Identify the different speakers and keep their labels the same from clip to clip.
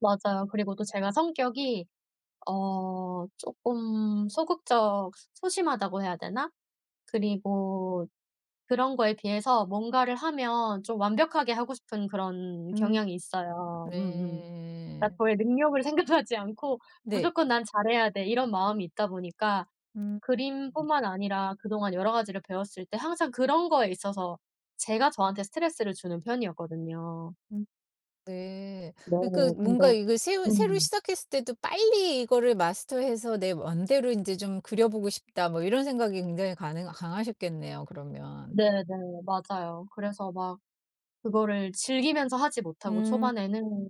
Speaker 1: 맞아요. 그리고 또 제가 성격이 어 쪼끔 소극적 소 소심하다고 해야 되나? 그리고 그런 거에 비해서 뭔가를 하면 좀 완벽하게 하고 싶은 그런
Speaker 2: 음.
Speaker 1: 경향이 있어요. 음음. 아
Speaker 2: 네.
Speaker 1: 저의 능력을 생각하지 않고
Speaker 2: 네.
Speaker 1: '무조건 난 잘해야 돼.' 이런 마음이 있다 보니까
Speaker 2: 음.
Speaker 1: 그림뿐만 아니라 그동안 여러 가지를 배웠을 때 항상 그런 거에 있어서 제가 저한테 스트레스를 주는 편이었거든요.
Speaker 2: 음 네.
Speaker 1: 네
Speaker 2: 그니까 뭔가
Speaker 1: 근데
Speaker 2: 이거 새로 새로
Speaker 1: 음.
Speaker 2: 시작했을 때도 빨리 이거를 마스터해서 '내 원대로 인제 좀 그려보고 싶다.' 뭐 이런 생각이 굉장히 가능아 강하셨겠네요 그러면.
Speaker 1: 네네 맞아요. 그래서 막 그거를 즐기면서 하지 못하고
Speaker 2: 음.
Speaker 1: 초반에는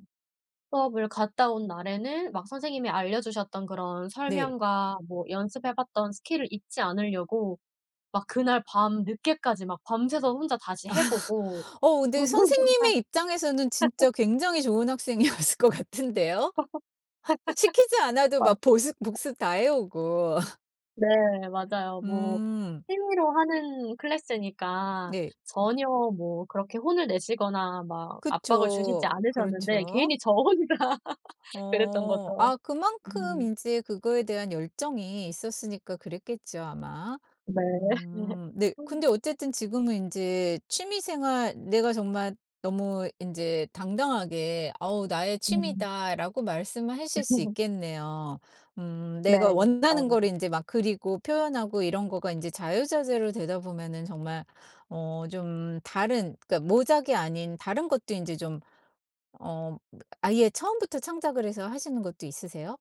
Speaker 1: 수업을 갔다 온 날에는 막 선생님이 알려 주셨던 그런
Speaker 2: 네.
Speaker 1: 설명과 뭐 연습해 봤던 스킬을 잊지 않으려고 막 그날 밤늦게까지 막 밤새서 혼자 다시 해 보고.
Speaker 2: 어 근데
Speaker 1: 저는 정말
Speaker 2: 선생님의 입장에서는 진짜 굉장히 좋은 학생이었을 것 같은데요. 시키지 않아도
Speaker 1: 아.
Speaker 2: 막 보습 복습 다 해 오고.
Speaker 1: 네 맞아요. 뭐
Speaker 2: 음.
Speaker 1: 취미로 하는 클래스니까
Speaker 2: 네.
Speaker 1: 전혀 뭐 그렇게 혼을 내시거나 막 압박을
Speaker 2: 그쵸.
Speaker 1: 주시지 않으셨는데
Speaker 2: 그렇죠.
Speaker 1: 괜히 저 혼자 그랬던
Speaker 2: 어.
Speaker 1: 거죠.
Speaker 2: 아 그만큼
Speaker 1: 음.
Speaker 2: 인제 그거에 대한 열정이 있었으니까 그랬겠죠 아마.
Speaker 1: 네. 네.
Speaker 2: 음 네 근데 어쨌든 지금은 인제 취미 생활 내가 정말 너무 인제 당당하게 "아우 나의
Speaker 1: 음.
Speaker 2: 취미다."라고 말씀을 하실 수 있겠네요. 음
Speaker 1: 네
Speaker 2: 내가 원하는
Speaker 1: 아.
Speaker 2: 거를 인제 막 그리고 표현하고 이런 거가 인제 자유자재로 되다 보면은 정말 어 좀 다른 그러니까 모작이 아닌 다른 것도 인제 좀 어 아예 처음부터 창작을 해서 하시는 것도 있으세요?